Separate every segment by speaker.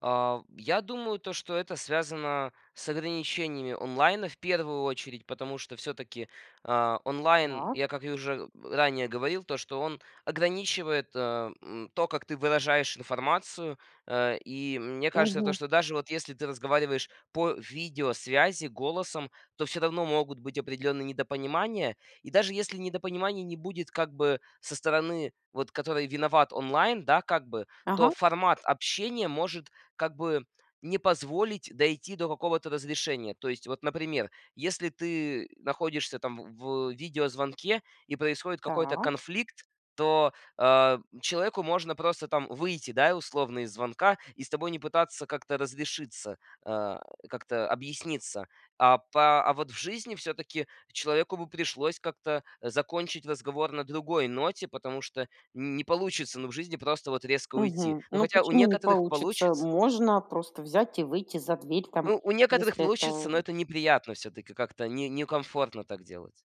Speaker 1: А, в Я думаю, то что это связано с ограничениями онлайна в первую очередь, потому что всё-таки, а, онлайн,
Speaker 2: [unintelligible]
Speaker 1: я, как и уже ранее говорил, то, что он ограничивает, а, м, то, как ты выражаешь информацию. А, и мне кажется, то,
Speaker 2: Мгм.
Speaker 1: что даже вот если ты разговариваешь по видеосвязи голосом, то всё равно могут быть определенные недопонимания. И даже если недопонимания не будет, как бы, со стороны, вот, которой виноват онлайн, да, как бы, то
Speaker 2: Ага.
Speaker 1: формат общения может, как бы, не позволить дойти до какого-то разрешения. То есть, вот, например, если ты находишься там в в видеозвонке и происходит какой-то
Speaker 2: Так.
Speaker 1: конфликт, то, а, человеку можно просто там выйти, да, и условно из звонка и с тобой не пытаться как-то разрешиться, а, как-то объясниться. А по а вот в жизни всё-таки человеку бы пришлось как-то закончить разговор на другой ноте, потому что не получится, ну, в жизни просто вот резко уйти.
Speaker 2: Мгм.
Speaker 1: Ну,
Speaker 2: Ну,
Speaker 1: хотя у
Speaker 2: почему не
Speaker 1: некоторых
Speaker 2: получится?
Speaker 1: получится
Speaker 2: Можно просто взять и выйти за дверь там,
Speaker 1: Ну, у некоторых
Speaker 2: если
Speaker 1: получится, но
Speaker 2: это
Speaker 1: это неприятно всё-таки, как-то не некомфортно так делать.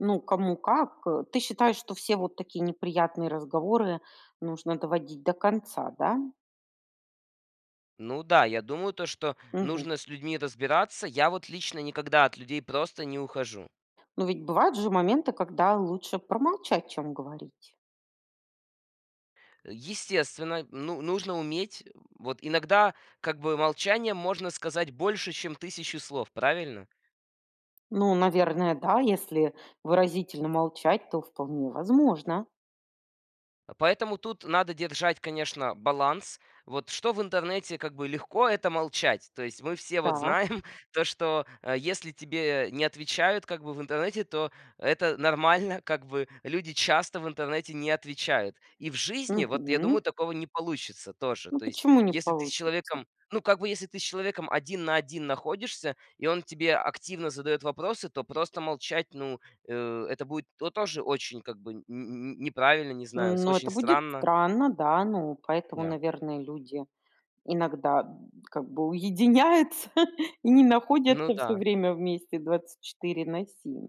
Speaker 2: Ну, кому как, э. Ты считаешь, что все вот такие неприятные разговоры нужно доводить до конца, да?
Speaker 1: Ну да, я думаю, то, что
Speaker 2: Мгм.
Speaker 1: нужно с людьми разбираться. Я вот лично никогда от людей просто не ухожу.
Speaker 2: Ну, ведь бывают же моменты, когда лучше промолчать, чем говорить.
Speaker 1: Естественно, ну, нужно уметь, вот иногда, как бы, молчанием можно сказать больше, чем тысяча слов, правильно?
Speaker 2: Ну, наверное, да. Если выразительно молчать, то вполне возможно.
Speaker 1: А поэтому тут надо держать, конечно, баланс. Вот что в интернете как бы легко- это молчать. То есть мы все вот
Speaker 2: Так.
Speaker 1: знаем то, что, а, если тебе не отвечают, как бы, в интернете, то это нормально. Как бы люди часто в интернете не отвечают. И в жизни, вот, я
Speaker 2: Мгм.
Speaker 1: думаю, такого не получится тоже.
Speaker 2: Ну,
Speaker 1: То есть,
Speaker 2: почему не
Speaker 1: если ты с
Speaker 2: получится?
Speaker 1: человеком, ну, как бы, если ты с человеком один на один находишься, и он тебе активно задает вопросы, то просто молчать, ну, э, это будет то тоже очень, как бы нь нь неправильно, не знаю, с
Speaker 2: Ну, это
Speaker 1: очень
Speaker 2: будет
Speaker 1: странно.
Speaker 2: странно, да. Ну, поэтому,
Speaker 1: Да.
Speaker 2: наверное, люди иногда, м, как бы уединяются и не
Speaker 1: Ну
Speaker 2: находятся всё
Speaker 1: да.
Speaker 2: время вместе 24 на 7.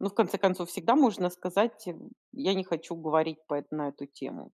Speaker 2: Но в конце концов всегда можно сказать: "М, я не хочу говорить по на эту тему".